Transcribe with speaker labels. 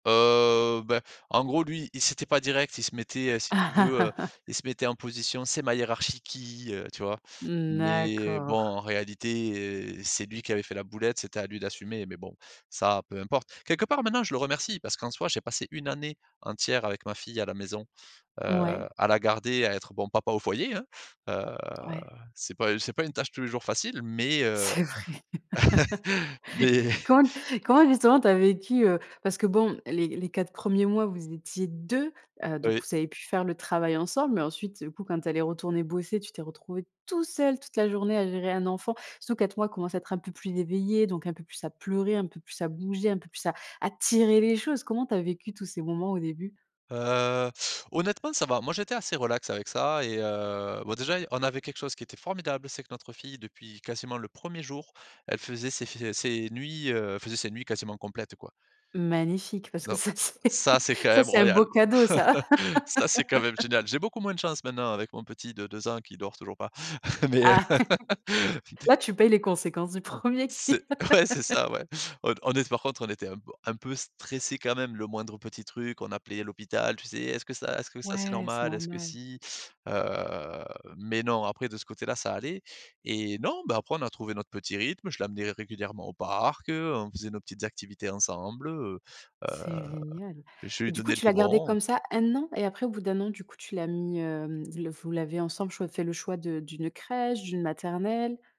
Speaker 1: Heu, ben, en gros, lui, il s'était pas direct, il se mettait, heu, si tu veux, heu, il se mettait en position «C'est ma hiérarchie qui, heu», tu vois?
Speaker 2: Mmh,
Speaker 1: Mais bon,
Speaker 2: d'accord.
Speaker 1: en réalité, heu, c'est lui qui avait fait la boulette, c'était à lui d'assumer mais bon, ça, peu importe. Quelque part, maintenant, je le remercie parce qu'en soi, j'ai passé 1 année entière avec ma fille, à la maison, heu,
Speaker 2: Ouais.
Speaker 1: à la garder, à être, bon, papa au foyer, hein. Heu,
Speaker 2: Ouais.
Speaker 1: c'est pas c'est pas une tâche, tous les jours, facile mais heu
Speaker 2: C'est vrai?
Speaker 1: Mais
Speaker 2: Comment comment justement tu as vécu, heu, parce que, bon, les les 4 premiers mois, vous étiez 2, heu donc
Speaker 1: Oui.
Speaker 2: vous avez pu faire le travail ensemble. Mais ensuite, heu, du coup, quand elle est retournée bosser, tu t'es retrouvé tout seul toute la journée à gérer un enfant. Surtout 4 mois, il commence à être un peu plus éveillé, donc un peu plus à pleurer, un peu plus à bouger, un peu plus à à tirer les choses. Comment tu as vécu tous ces moments au début?
Speaker 1: Heu, honnêtement, ça va. Moi, j'étais assez relax avec ça et heu, bon, déjà, on avait quelque chose qui était formidable, c'est que notre fille depuis quasiment le 1er jour, elle faisait ses f ses nuits, heu, elle faisait ses nuits quasiment complètes, quoi.
Speaker 2: Magnifique parce que
Speaker 1: Don
Speaker 2: ça, c'est
Speaker 1: Ça, c'est quand
Speaker 2: ça,
Speaker 1: même
Speaker 2: c'est un
Speaker 1: royal,
Speaker 2: beau cadeau, ça.
Speaker 1: ça, c'est quand même génial. J'ai beaucoup moins de chance, maintenant, avec mon petit de 2 ans qui dort toujours pas. Mais heu
Speaker 2: Ah! Là, tu payes les conséquences du 1er qui
Speaker 1: C'est Ouais, c'est ça, ouais. On d on était par contre, on était un p un peu stressés, quand même. Le moindre petit truc, on appelait à l'hôpital. Tu sais: «Est-ce que ça est ce que ça c'est
Speaker 2: Ouais, c'est
Speaker 1: normal? Est-ce que
Speaker 2: normal.
Speaker 1: si?» Heu mais non, après de ce côté-là, ça allait et non, ben, après on a trouvé notre petit rythme. Je l'amenais régulièrement au parc, heu, on faisait nos petites activités ensemble, heu heu,
Speaker 2: C'est génial.
Speaker 1: je
Speaker 2: Et
Speaker 1: lui
Speaker 2: du coup,
Speaker 1: donnais le
Speaker 2: tu l'as gardé
Speaker 1: biberon.
Speaker 2: comme ça 1 an et après, au bout d'1 an, du coup, tu l'as mis, hem, le vous l'avez ensemble, choi fait le choix de d'une crèche, d'une maternelle?